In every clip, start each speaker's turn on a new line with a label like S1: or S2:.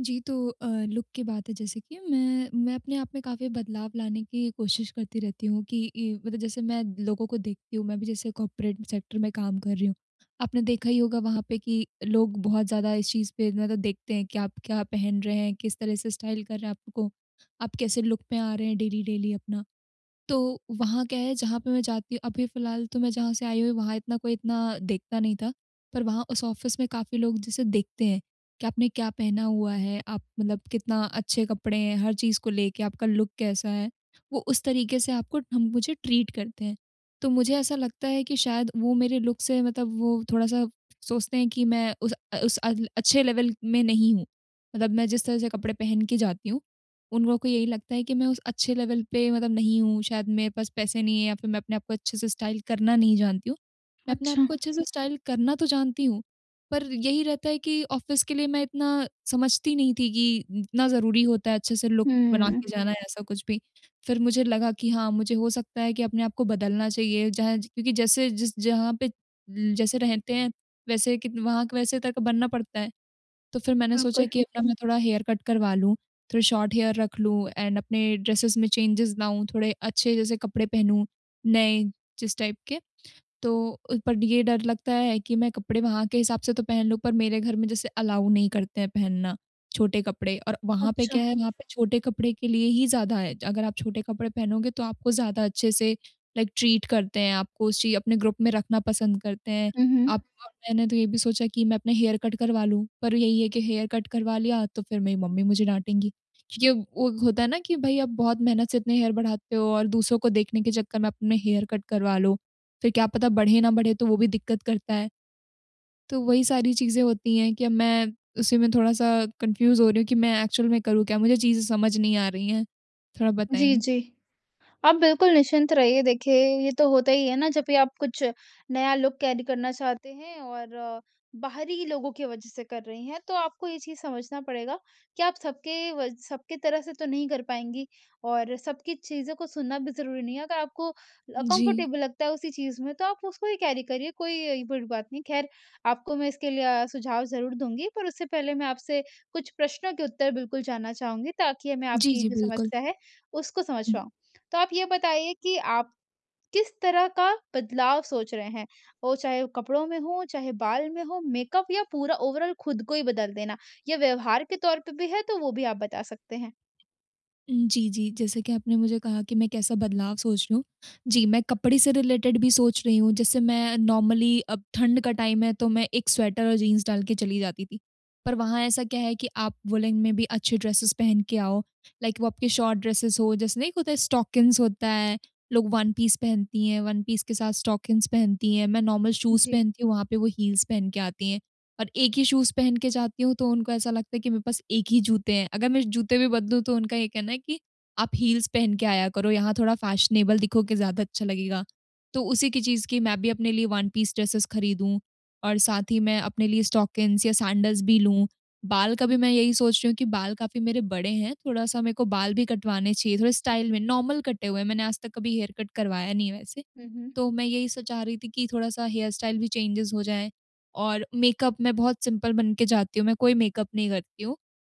S1: जी, तो अ, लुक की बात है जैसे कि मैं, मैं अपने आप में काफ़ी बदलाव लाने की कोशिश करती रहती हूँ कि ई मतलब जैसे मैं लोगों को देखती हूँ, मैं भी जैसे कॉर्पोरेट सेक्टर में काम कर रही हूँ। आपने देखा ही होगा वहाँ पे कि लोग बहुत ज़्यादा इस चीज़ पे मतलब देखते हैं कि आप क्या पहन रहे हैं, किस तरह से स्टाइल कर रहे हैं आपको आप कैसे लुक में आ रहे हैं डेली-डेली अपना। तो वहाँ क्या है जहाँ पे मैं जाती हूँ अभी फ़िलहाल तो मैं जहाँ से आई हुई वहाँ इतना कोई इतना देखता नहीं था। पर वहाँ उस ऑफिस में काफ़ी लोग जिसे देखते हैं कि आपने क्या पहना हुआ है, आप मतलब कितना अच्छे कपड़े हैं, हर चीज़ को लेके आपका लुक कैसा है। वो उस तरीके से आपको ठम मुझे ट्रीट करते हैं। तो मुझे ऐसा लगता है कि शायद वो मेरे लुक से मतलब वो थोड़ा-सा सोचते हैं कि मैं उस अ, उस अल अच्छे लेवल में नहीं हूँ, मतलब मैं जिस तरह से कपड़े पहन के जाती हूँ, उन लोगों को यही लगता है कि मैं उस अच्छे लेवल पे मतलब नहीं हूँ। शायद मेरे पास पैसे नहीं है या फिर मैं अपने आप को अच्छे से स्टाइल करना नहीं जानती हूँ, मैं अपने आप
S2: अच्छा।
S1: को अच्छे से स्टाइल करना तो जानती हूँ पर यही रहता है कि ऑफिस के लिए मैं इतना समझती नहीं थी कि इतना ज़रूरी होता है अच्छे से लुक बना
S2: हुँ।
S1: के जाना या ऐसा कुछ भी। फिर मुझे लगा कि हाँ, मुझे हो सकता है कि अपने आप को बदलना चाहिए। जहाँ ज क्योंकि जैसे जिस जहाँ पे जैसे रहते हैं वैसे कित वहाँ के वैसे तक का बनना पड़ता है। तो फिर मैंने सोचा
S2: बिल्कुल।
S1: कि अपना मैं थोड़ा हेयर कट करवा लूँ, थोड़े शॉर्ट हेयर रख लूँ एंड अपने ड्रेसस में चेंजेस लाऊँ, थोड़े अच्छे जैसे कपड़े पहनूँ नए जिस टाइप के। तो पर ये डर लगता है कि मैं कपड़े वहाँ के हिसाब से तो पहन लूँ पर मेरे घर में जैसे अलाउ नहीं करते हैं पहनना छोटे कपड़े। और वहाँ पे क्या
S2: अच्छा।
S1: है वहाँ पे छोटे कपड़े के लिए ही ज़्यादा है अगर आप छोटे कपड़े पहनोगे तो आपको ज़्यादा अच्छे से लाइक ट्रीट करते हैं आपको उस चीज़ अपने ग्रुप में रखना पसंद करते हैं।
S2: हुँ,
S1: आप
S2: हुँ।
S1: मैंने तो ये भी सोचा कि मैं अपने हेयर कट करवा लूँ पर यही है कि हेयर कट करवा लिया तो फिर मेरी मम्मी मुझे डाँटेंगी। क्योंकि अब वो होता है ना कि भई आप बहुत मेहनत से इतने हेयर बढ़ाते हो और दूसरों को देखने के चक्कर में अपने हेयर कट करवा लो फिर क्या पता बढ़े ना बढ़े तो वो भी दिक्कत करता है। तो वही सारी चीज़ें होती हैं कि अब मैं उसी में थोड़ा-सा कन्फ्यूज़ हो रही हूँ कि मैं एक्चुअल में करूँ क्या? मुझे चीज़ें समझ नहीं आ रही है, थोड़ा
S2: जी,
S1: बताएँगे?
S2: जी। आप बिल्कुल निश्चिंत रहिए देखिए ये तो होता ही है ना जब भी आप कुछ नया लुक कैरी करना चाहते हैं और बाहरी लोगों के वज़ह से कर रही हैं। तो आपको ये चीज़ समझना पड़ेगा कि आप सबके वज सबके तरह से तो नहीं कर पाएँगी और सबकी चीज़ों को सुनना भी ज़रूरी नहीं है। अगर आपको अ,
S1: जी।
S2: कम्फर्टेबल लगता है उसी चीज़ में तो आप उसको ही कैरी करिए कोई अ, बुरी बात नहीं। खैर आपको मैं इसके लिए अ, सुझाव ज़रूर दूँगी पर उससे पहले मैं आपसे कुछ प्रश्नों के उत्तर बिल्कुल जानना चाहूँगी ताकि हमें
S1: जी,
S2: आपकी
S1: जी,
S2: जो
S1: बिल्कुल।
S2: समस्या है उसको समझ
S1: हुँ।
S2: पाऊँ। तो आप ये बताइए कि आप किस तरह का बदलाव सोच रहे हैं? वो चाहे कपड़ों में हो, चाहे बाल में हो, मेकअप या पूरा ओवरऑल खुद को ही बदल देना? या व्यवहार के तौर पे भी है तो वो भी आप बता सकते हैं।
S1: हुँ, जी, जी। जैसे कि आपने मुझे कहा कि मैं कैसा बदलाव सोच रही हूँ। जी, मैं कपड़े से रिलेटेड भी सोच रही हूँ, जैसे मैं नॉर्मली अब ठंड का टाइम है, तो मैं एक स्वेटर और जीन्स डाल के चली जाती थी। पर वहाँ ऐसा क्या है कि आप वूलेन में भी अच्छे ड्रेसेज़ पहन के आओ, लाइक वो आपके शॉर्ट ड्रेसेज़ हो, जैसे नहीं एक होता है स्टॉकिन्स होता है, लोग वन पीस पहनती हैं, वन पीस के साथ स्टॉकिन्स पहनती हैं, मैं नॉर्मल शूज़
S2: जी।
S1: पहनती हूँ, वहाँ पे वो हील्स पहन के आती हैं। और एक ही शूज़ पहन के जाती हूँ, तो उनको ऐसा लगता है कि मेरे पास एक ही जूते हैं, अगर मैं जूते भी बदलूँ, तो उनका ये कहना है कि आप हील्स पहन के आया करो, यहाँ थोड़ा फैशनेबल दिखोगे ज़्यादा अच्छा लगेगा। तो उसी की चीज़ की मैं भी अपने लिए वन पीस ड्रेसेज़ खरीदूँ और साथ ही मैं अपने लिए स्टॉकिन्स या सैंडल्स भी लूँ। बाल का भी मैं यही सोच रही हूँ कि बाल काफ़ी मेरे बड़े हैं, थोड़ा-सा मेरे को बाल भी कटवाने चाहिए, थोड़े
S2: अच्छा।
S1: स्टाइल में, नॉर्मल कटे हुए हैं, मैंने आज तक कभी हेयर कट करवाया नहीं है वैसे।
S2: हुँ, हुँ।
S1: तो मैं यही सब चाह रही थी कि थोड़ा-सा हेयर स्टाइल भी चेंजज़ हो जाए। और मेकअप मैं बहुत सिंपल बन के जाती हूँ, मैं कोई मेकअप नहीं करती हूँ।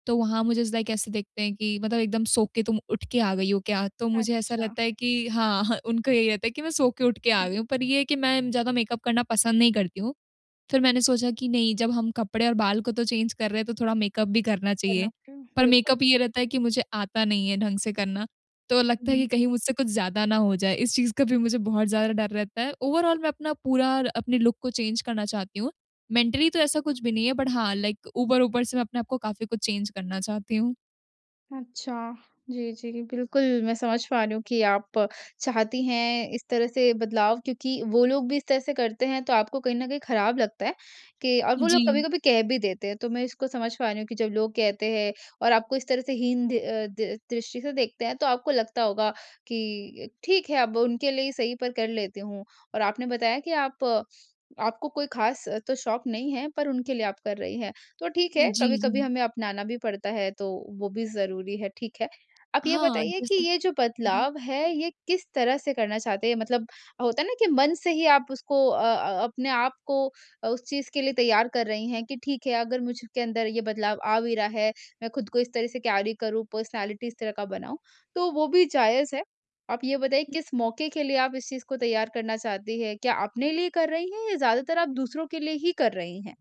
S1: तो वहाँ मुझे इज़ लाइक ऐसे देखते हैं कि मतलब एकदम सो के तुम उठ के आ गयी हो क्या? तो मुझे ऐसा
S2: अच्छा।
S1: लगता है कि हाँ, उनको यही होता है कि मैं सो के उठ के
S2: हुँ,
S1: आ
S2: हुँ।
S1: गयी हूँ, पर ये है कि मैं ज़्यादा मेकअप करना पसंद नहीं करती हूँ। फिर मैंने सोचा कि नहीं जब हम कपड़े और बाल को तो चेंज कर रहे हैं, तो थोड़ा मेकअप भी करना
S2: बना
S1: चाहिए।
S2: के,
S1: पर
S2: बिल्कुल।
S1: मेकअप ये रहता है कि मुझे आता नहीं है ढंग से करना, तो
S2: हुँ,
S1: लगता है
S2: हुँ।
S1: कि कहीं मुझसे कुछ ज़्यादा ना हो जाए, इस चीज़ का भी मुझे बहुत ज़्यादा डर रहता है। ओवरॉल मैं अपना पूरा र अपने लुक को चेंज करना चाहती हूँ। मेंटली तो ऐसा कुछ भी नहीं है, बट हाँ, लाइक ऊपर-ऊपर से मैं अपने आप को काफ़ी कुछ चेंज करना चाहती हूँ।
S2: अच्छा। जी, जी, बिल्कुल, मैं समझ पा रही हूँ कि आप चाहती हैं इस तरह से बदलाव क्योंकि वो लोग भी इस तरह से करते हैं तो आपको कहीं न कहीं खराब लगता है कि और वो लोग
S1: जी।
S2: कभी-कभी कह भी देते हैं तो मैं इसको समझ पा रही हूँ कि जब लोग कहते हैं और आपको इस तरह से हीन द्रि अ, दि दृष्टि से देखते हैं तो आपको लगता होगा कि ठीक है अब उनके लिए ही सही पर कर लेती हूँ। और आपने बताया कि आप आपको कोई खास तो शौक़ नहीं है पर उनके लिए आप कर रही हैं। तो ठीक है
S1: जी,
S2: कभी-कभी भी
S1: जी।
S2: हमें अपनाना भी पड़ता है तो वो भी ज़रूरी है ठीक है। आप ये
S1: हाँ,
S2: बताइए कि
S1: जैसा
S2: ये जो
S1: जी।
S2: बदलाव है, ये किस तरह से करना चाहते हैं मतलब होता है ना कि मन से ही आप उसको अ अ अपने आप को उस चीज़ के लिए तैयार कर रही हैं कि ठीक है अगर मुझ के अंदर ये बदलाव आ भी रहा है, मैं खुद को इस तरह से कैरी करूँ पर्सनैलिटी इस तरह का बनाऊँ तो वो भी जायज़ है। आप ये बताइए किस मौके के लिए आप इस चीज़ को तैयार करना चाहती हैं? क्या अपने लिए कर रही हैं? या ज़्यादातर आप दूसरों के लिए ही कर रही हैं?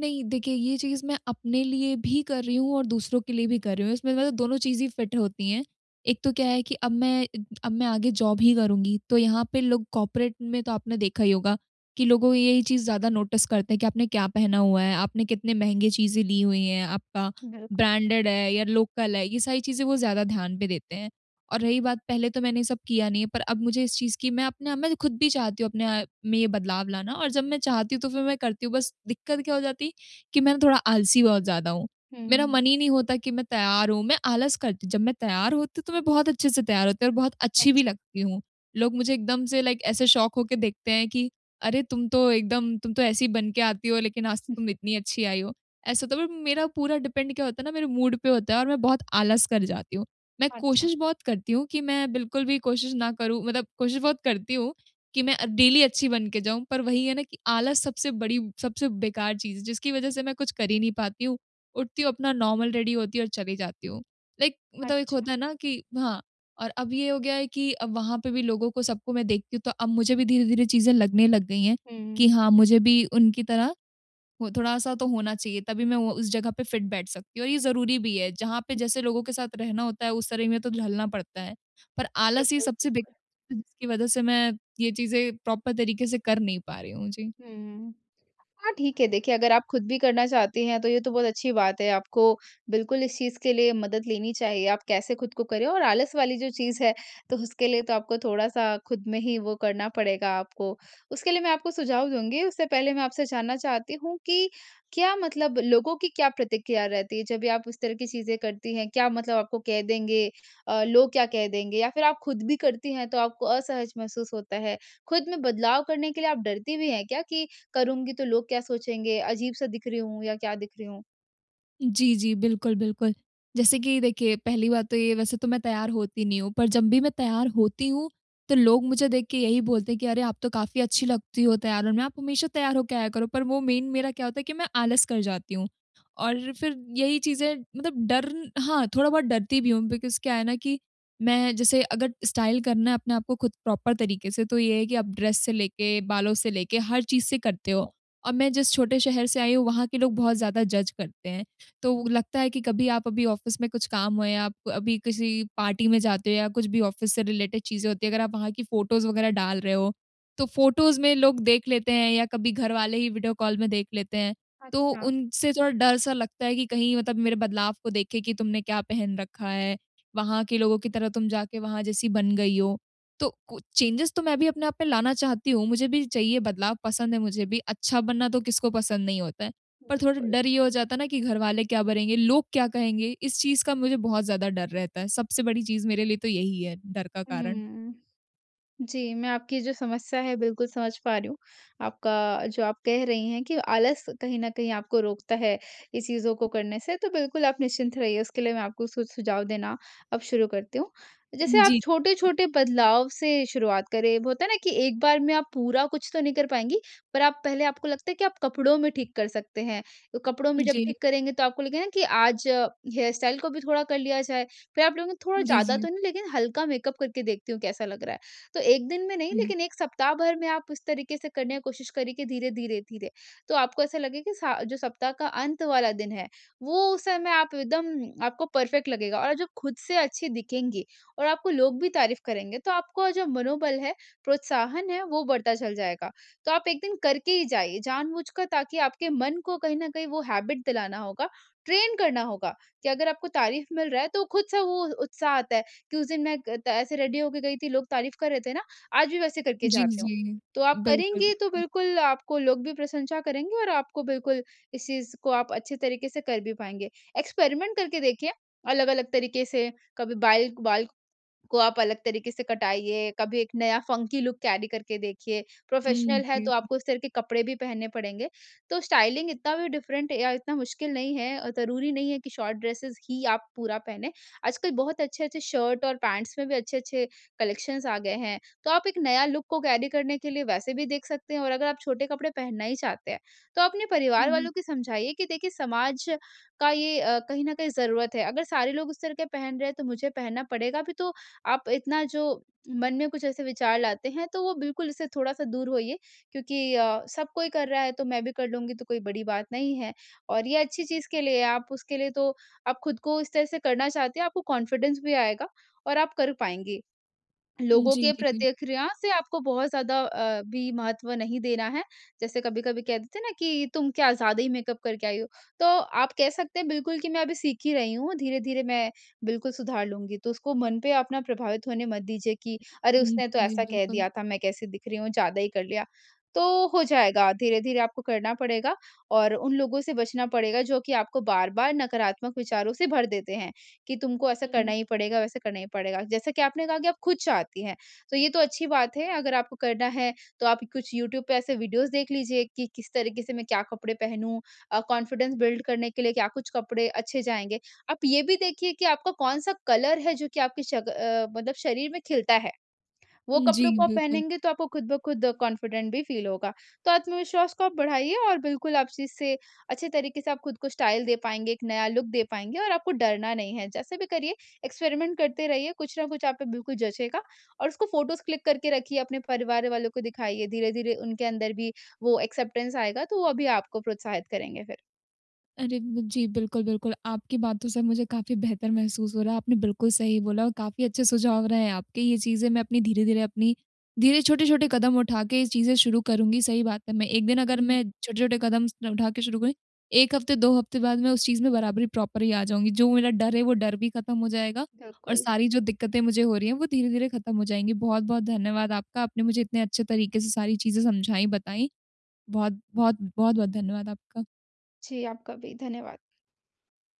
S1: नहीं, देखिए ये चीज़ मैं अपने लिए भी कर रही हूँ और दूसरों के लिए भी कर रही हूँ। इसमें मतलब दोनों चीज़ ही फिट होती है। एक तो क्या है कि अब मैं अब मैं आगे जॉब ही करुँगी। तो यहाँ पे लोग कॉर्पोरेट में तो आपने देखा ही होगा कि लोगों यही चीज़ ज्यादा नोटिस करते हैं कि आपने क्या पहना हुआ है, आपने कितने महँगे चीज़ें ली हुई हैं, आपका
S2: बिल्कुल।
S1: ब्रांडेड है या लोकल है। ये सारी चीज़ें वो ज्यादा ध्यान पे देते हैं। और रही बात पहले तो मैंने ये सब किया नहीं है पर अब मुझे इस चीज़ की मैं अपना मैं खुद भी चाहती हूँ अपने में ये बदलाव लाना और जब मैं चाहती हूँ तो फिर मैं करती हूँ। बस दिक्कत क्या हो जाती है कि मैं थोड़ा आलसी बहुत ज़्यादा हूँ। मेरा
S2: हुँ।
S1: मन ही नहीं होता कि मैं तैयार हूँ मैं आलस करती हूँ। जब मैं तैयार होती हूँ तो मैं बहुत अच्छे से तैयार होती हूँ और बहुत अच्छी भी
S2: अच्छा।
S1: लगती हूँ। लोग मुझे एकदम से लाइक ऐसे शॉक हो के देखते हैं कि अरे! तुम तो एकदम तुम तो ऐसी बन के आती हो लेकिन आज तक तुम इतनी अच्छी आयी हो। ऐसा होता है पर मेरा पूरा डिपेंड क्या होता है ना मेरे मूड पे होता है और मैं बहुत आलस कर जाती हूँ। मैं
S2: अच्छा।
S1: कोशिश बहुत करती हूँ कि मैं बिल्कुल भी कोशिश ना करूँ मतलब कोशिश बहुत करती हूँ कि मैं डेली अच्छी बन के जाऊँ। पर वही है ना कि आलस सबसे बड़ी सबसे बेकार चीज़ है जिसकी वजह से मैं कुछ कर ही नहीं पाती हूँ। उठती हूँ अपना नॉर्मल रेडी होती हूँ और चली जाती हूँ। लाइक मतलब एक
S2: अच्छा।
S1: होता है ना कि हाँ, और अब ये हो गया है कि वहाँ पे भी लोगों को सबको मैं देखती हूँ तो अब मुझे भी धीरे-धीरे चीज़ें लगने लग गई हैं
S2: हुँ।
S1: कि हाँ, मुझे भी उनकी तरह वो थोड़ा-सा तो होना चाहिए तभी मैं वो उस जगह पे फिट बैठ सकती हूँ। और ये ज़रूरी भी है। जहाँ पे
S2: उ
S1: जैसे लोगों के साथ रहना होता है उस तरह में तो ढलना पड़ता है। पर आलस ये
S2: बिल्कुल,
S1: सबसे बिग
S2: बिल्कुल।
S1: अ, जिसकी वजह से मैं ये चीज़ें प्रॉपर तरीके से कर नहीं पा रही हूँ। जी।
S2: हुँ, हुँ। हाँ ठीक है, देखिए, अगर आप खुद भी करना चाहती हैं तो ये तो बहुत अच्छी बात है आपको बिल्कुल इस चीज़ के लिए मदद लेनी चाहिए। आप कैसे खुद को करें और आलस वाली जो चीज़ है तो उसके लिए तो आपको थोड़ा-सा खुद में ही वो करना पड़ेगा आपको। उसके लिए मैं आपको सुझाव दूँगी उससे पहले मैं आपसे जानना चाहती हूँ कि क्या मतलब लोगों की क्या प्रतिक्रिया रहती है जब भी आप इस तरह की चीज़ें करती हैं? क्या मतलब आपको कह देंगे? अ, लोग क्या कह देंगे या फिर आप खुद भी करती हैं तो आपको असहज महसूस होता है। खुद में बदलाव करने के लिए आप डरती भी हैं क्या कि करूँगी तो लोग क्या सोचेंगे अजीब-सा दिख रही हूँ या क्या दिख रही हूँ?
S1: जी, जी। बिल्कुल, बिल्कुल। जैसे कि देखिए पहली बात तो ये वैसे तो मैं तैयार होती नहीं हूँ, पर जब भी मैं तैयार होती हूँ तो लोग मुझे देख के यही बोलते हैं कि अरे, आप तो काफ़ी अच्छी लगती हो तैयार होने में आप हमेशा तैयार हो के आया करो। पर वो मेन मेरा क्या होता है कि मैं आलस कर जाती हूँ और फिर यही चीज़ें मतलब डर हाँ, थोड़ा बहुत डरती भी हूँ। बिकॉज़ क्या है ना कि मैं जैसे अगर स्टाइल करना है अपने आपको खुद प्रॉपर तरीके से तो ये है कि आप ड्रेस से लेके, बालों से लेके हर चीज़ से करते हो। और मैं जिस छोटे शहर से आई हूँ, वहाँ के लोग बहुत ज़्यादा जज करते हैं। तो लगता है कि कभी आप अभी ऑफिस में कुछ काम हो या आप अभी किसी पार्टी में जाते हो या कुछ भी ऑफिस से रिलेटेड चीज़ें होती हैं अगर आप वहाँ की फोटोज़ वगैरह डाल रहे हो, तो फोटोज़ में लोग देख लेते हैं या कभी घर वाले ही वीडियो कॉल में देख लेते हैं। तो
S2: अच्छा।
S1: उनसे थोड़ा डर सा लगता है कि कहीं मतलब मेरे बदलाव को देखें कि तुमने क्या पहन रखा है? वहाँ के लोगों की तरह तुम जाके वहाँ जैसी बन गयी हो, तो कु चेंजेस तो मैं भी अपने आप में लाना चाहती हूँ, मुझे भी चाहिए बदलाव पसंद है मुझे भी। अच्छा बनना तो किसको पसंद नहीं होता है, पर थोड़ा
S2: बिल्कुल।
S1: डर ये हो जाता है ना कि घरवाले क्या बनेंगे, लोग क्या कहेंगे? इस चीज़ का मुझे बहुत ज़्यादा डर रहता है। सबसे बड़ी चीज़ मेरे लिए तो यही है डर का कारण।
S2: हुँ। जी, मैं आपकी जो समस्या है बिल्कुल समझ पा रही हूँ। आपका जो आप कह रही हैं कि आलस कहीं न कहीं आपको रोकता है इस चीज़ों को करने से, तो बिल्कुल आप निश्चिंत रहिए उसके लिए मैं आपको सु सुझाव देना अब शुरू करती हूँ। जैसे
S1: हुँ,
S2: आप
S1: जी, जी, बिल्कुल।
S2: छोटे-छोटे बदलाव से शुरुआत करें, होता है ना कि एक बार में आप पूरा कुछ तो नहीं कर पाएँगी पर आप पहले आपको लगता है कि आप कपड़ों में ठीक कर सकते हैं। तो कपड़ों में जब
S1: जी।
S2: ठीक करेंगे तो आपको लगेगा कि आज हेयर स्टाइल को भी थोड़ा कर लिया जाए, फिर आप कहोगे थोड़ा
S1: जी,
S2: ज़्यादा
S1: जी।
S2: तो नहीं लेकिन हल्का मेकअप करके देखती हूँ कैसा लग रहा है। तो 1 दिन में नहीं,
S1: हुँ।
S2: लेकिन 1 सप्ताह भर में आप इस तरीके से करने की कोशिश करें कि धीरे-धीरे-धीरे तो आपको ऐसा लगेगा कि स जो सप्ताह का अंत वाला दिन है वो उस समय आप एकदम आपको परफेक्ट लगेगा। और जो खुद से अच्छी दिखेंगी और आपको लोग भी तारीफ करेंगे तो आपको जो मनोबल है, प्रोत्साहन है वो बढ़ता चल जाएगा। तो आप एक दिन करके ही जाइए जानबूझकर ताकि आपके मन को कहीं न कहीं वो हैबिट दिलाना होगा, ट्रेन करना होगा कि अगर आपको तारीफ मिल रहा है तो खुद से वो उत्साह आता है। कि उस दिन मैं क त ऐसे रेडी हो के गई थी लोग तारीफ कर रहे थे ना आज भी वैसे करके
S1: जी,
S2: जाती हूँ,
S1: जी।
S2: तो आप
S1: बिल्कुल,
S2: करेंगी तो
S1: बिल्कुल।
S2: बिल्कुल आपको लोग भी प्रशंसा करेंगे और आपको बिल्कुल इस चीज़ को आप अच्छे तरीके से कर भी पाएँगे। एक्सपेरिमेंट करके देखिए अलग-अलग तरीके से कभी बाईल बाल को आप अलग तरीके से कटाइए, कभी एक नया फंकी लुक कैरी करके देखिए।
S1: हुँ,
S2: प्रोफेशनल हैं तो
S1: जी।
S2: आपको इस तरह के कपड़े भी पहनने पड़ेंगे। तो स्टाइलिंग इतना भी डिफरेंट ए या इतना मुश्किल नहीं है अ, ज़रूरी नहीं है कि शॉर्ट ड्रेसेज़ ही आप पूरा पहनें। आजकल बहुत अच्छे-अच्छे शर्ट और पैंट्स में भी अच्छे-अच्छे कलेक्शन्स आ गए हैं। तो आप एक नया लुक को कैरी करने के लिए वैसे भी देख सकते हैं और अगर आप छोटे कपड़े पहनना ही चाहते हैं तो अपने
S1: हुँ,
S2: परिवार
S1: हुँ।
S2: वालों की समझाइए कि देखिए समाज का ये अ, कहीं न कहीं ज़रूरत है। अगर सारे लोग उस तरह के पहन रहे हैं तो मुझे पहनना पड़ेगा। अभी तो आप इतना जो मन में कुछ ऐसे विचार लाते हैं तो वो बिल्कुल इससे थोड़ा-सा दूर होइए। क्योंकि अ, सब कोई कर रहा है, तो मैं भी कर लूँगी तो कोई बड़ी बात नहीं है। और ये अच्छी चीज़ के लिए आप उसके लिए तो आप खुद को इस तरह से करना चाहते हैं। आपको कॉन्फिडेंस भी आएगा और आप कर पाएँगे।
S1: उम,
S2: लोगों
S1: जी,
S2: के
S1: जी, जी।
S2: प्रतिक्रिया से आपको बहुत ज़्यादा अ, भी महत्व नहीं देना है, जैसे कभी-कभी कह देते हैं ना कि तुम क्या ज़्यादा ही मेकअप करके आई हो, तो आप कह सकते हैं बिल्कुल कि मैं अभी सीख ही रही हूँ, धीरे-धीरे मैं बिल्कुल सुधार लूँगी। तो उसको मन पे अपना प्रभावित होने मत दीजिए कि अरे,
S1: उम,
S2: उसने तो
S1: जी,
S2: ऐसा कह
S1: बिल्कुल।
S2: दिया था मैं कैसे दिख रही हूँ, ज़्यादा ही कर लिया। तो हो जाएगा धीरे-धीरे आपको करना पड़ेगा और उन लोगों से बचना पड़ेगा जो कि आपको बार-बार नकारात्मक विचारों से भर देते हैं कि तुमको ऐसा
S1: हुँ।
S2: करना ही पड़ेगा, वैसे करना ही पड़ेगा। जैसा कि आपने कहा कि आप खुद चाहती हैं तो ये तो अच्छी बात है, अगर आपको करना है तो आप कुछ यूट्यूब पे ऐसे वीडियोज़ देख लीजिए कि किस तरीके से मैं क्या कपड़े पहनूँ? अ, कॉन्फिडेंस बिल्ड करने के लिए क्या कुछ कपड़े अच्छे जाएँगे? आप ये भी देखिए कि आपका कौन-सा कलर है जो कि आपके शक अ, मतलब शरीर में खिलता है। वो
S1: उम,
S2: कपड़ों
S1: जी,
S2: को आप
S1: बिल्कुल।
S2: पहनेंगे तो आपको खुद-ब-खुद कॉन्फिडेंट भी फील होगा, तो आत्मविश्वास को आप बढ़ाइए। और बिल्कुल आप इस से अच्छे तरीके से आप खुद को स्टाइल दे पाएँगे, एक नया लुक दे पाएँगे और आपको डरना नहीं है जैसे भी करिए एक्सपेरिमेंट करते रहिए कुछ ना कुछ आप पे बिल्कुल जँचेगा। और उसको फोटोज़ क्लिक करके रखिए अपने परिवार वालों को दिखाइए, धीरे-धीरे उनके अंदर भी वो एक्सेप्टेंस आएगा तो वो अभी आपको प्रोत्साहित करेंगे फिर।
S1: अरे, ब जी, बिल्कुल, बिल्कुल। आपकी बातों से मुझे काफ़ी बेहतर महसूस हो रहा है, आपने बिल्कुल सही बोला और काफ़ी अच्छे सुझाव रहे हैं आपके। ये चीज़ें मैं अपनी धीरे-धीरे अपनी धीरे छोटे-छोटे कदम उठा के ये चीज़ें शुरू करूँगी। सही बात है मैं 1 दिन अगर
S2: हुँ।
S1: मैं छोटे-छोटे कदम स उठा के शुरू करूँ, 1 हफ़्ते 2 हफ़्ते बाद मैं उस चीज़ में बराबरी प्रॉपर ही आ जाऊँगी। जो मेरा डर है वो डर भी ख़त्म हो जाएगा और
S2: बिल्कुल।
S1: सारी जो दिक्क़तें मुझे हो रही हैं वो धीरे-धीरे खत्म हो जाएँगी, बहुत-बहुत धन्यवाद आपका। आपने मुझे इतने अच्छे तरीके से सारी चीज़ें समझाईं बताईं। बहुत-बहुत बहुत-बहुत धन्यवाद आपका।
S2: जी, आपका भी धन्यवाद।